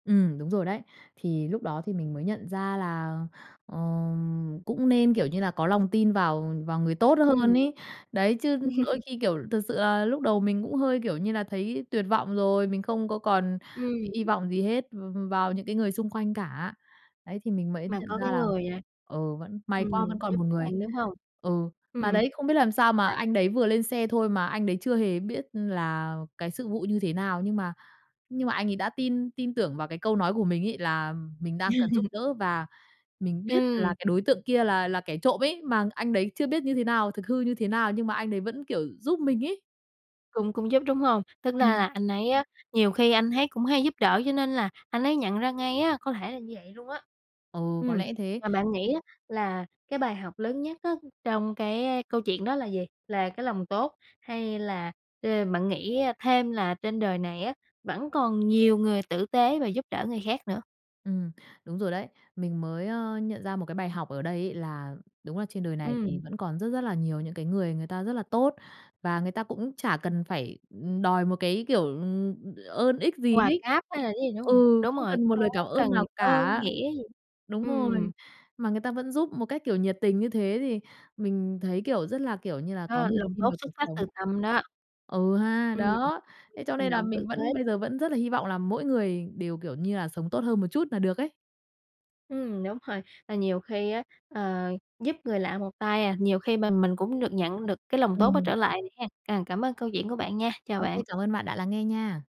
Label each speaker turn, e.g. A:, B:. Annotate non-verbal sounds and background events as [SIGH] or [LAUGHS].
A: Ừm, đúng rồi đấy. Thì lúc đó thì mình mới nhận ra là, ờm, cũng nên, kiểu như là, có lòng tin vào vào người tốt
B: Ừm.
A: hơn ấy. Đấy, chứ đôi
B: [LAUGHS]
A: khi, kiểu, thực sự là lúc đầu mình cũng hơi, kiểu như là, thấy tuyệt vọng rồi, mình không có còn
B: Ừm.
A: hy vọng gì hết v vào những cái người xung quanh cả. Đấy, thì mình mới
B: Mà
A: nhận
B: có
A: ra
B: cái
A: là,
B: người, à,
A: ừ, vẫn may
B: ừm,
A: quá, vẫn còn
B: giúp
A: một người.
B: bạn, đúng hông?
A: Ừ, mà
B: Ừm.
A: đấy, không biết làm sao mà
B: À.
A: anh đấy vừa lên xe thôi mà anh đấy chưa hề biết là cái sự vụ như thế nào nhưng mà nhưng mà anh ấy đã tin tin tưởng vào cái câu nói của mình ấy, là mình đang cần giúp
B: [LAUGHS]
A: đỡ và mình biết là
B: Ừm.
A: cái đối tượng kia là là kẻ trộm ấy, mà anh đấy chưa biết như thế nào thực hư như thế nào nhưng mà anh ấy vẫn, kiểu, giúp mình ấy.
B: Cũng cũng giúp, đúng hông? Tính ra
A: Ừm.
B: là anh ấy á, nhiều khi anh ấy cũng hay giúp đỡ cho nên là anh ấy nhận ra ngay á có thể là như vậy luôn á.
A: Ừ, có
B: Ừm,
A: lẽ thế.
B: mà bạn nghĩ á là cái bài học lớn nhất á trong cái câu chuyện đó là gì? Là cái lòng tốt, hay là, ờ, bạn nghĩ, a, thêm là trên đời này á, vẫn còn nhiều người tử tế và giúp đỡ người khác nữa?
A: Ừm, đúng rồi đấy. Mình mới, ơ, nhận ra một cái bài học ở đây ấy là đúng là trên đời này thì
B: Ừm.
A: vẫn còn rất rất là nhiều những cái người người ta rất là tốt. Và người ta cũng chả cần phải, ừm, đòi một cái kiểu, ừm, ơn ích gì
B: Quà
A: ấy.
B: cáp hay là cái gì, đúng hông?
A: Ừ,
B: Đúng
A: không
B: rồi,
A: cần
B: không
A: một lời cảm
B: có
A: ơn
B: cần
A: nào
B: ơn
A: cả!
B: nghĩa gì.
A: Đúng rồi.
B: Ừm.
A: Mà người ta vẫn giúp một cách, kiểu, nhiệt tình như thế thì mình thấy, kiểu, rất là, kiểu như là, có
B: Đó,
A: niềm
B: lòng
A: tin
B: tốt
A: vào
B: xuất
A: cuộc
B: phát từ
A: sống.
B: tâm đó.
A: Ừ ha,
B: Ừm.
A: đó! Thế cho
B: Hành
A: nên là
B: động tử
A: mình
B: tế.
A: vẫn bây giờ vẫn rất là hy vọng là mỗi người đều, kiểu như là, sống tốt hơn một chút là được ấy.
B: Ừm, đúng rồi. Ờ, nhiều khi á, ờ, giúp người lạ một tay à, nhiều khi mà mình cũng được nhận được cái lòng tốt đó
A: Ừm.
B: trở lại hén. Ờ, cảm ơn câu chuyện của bạn nha, chào
A: Ô
B: bạn.
A: kê, cảm ơn bạn đã lắng nghe nha!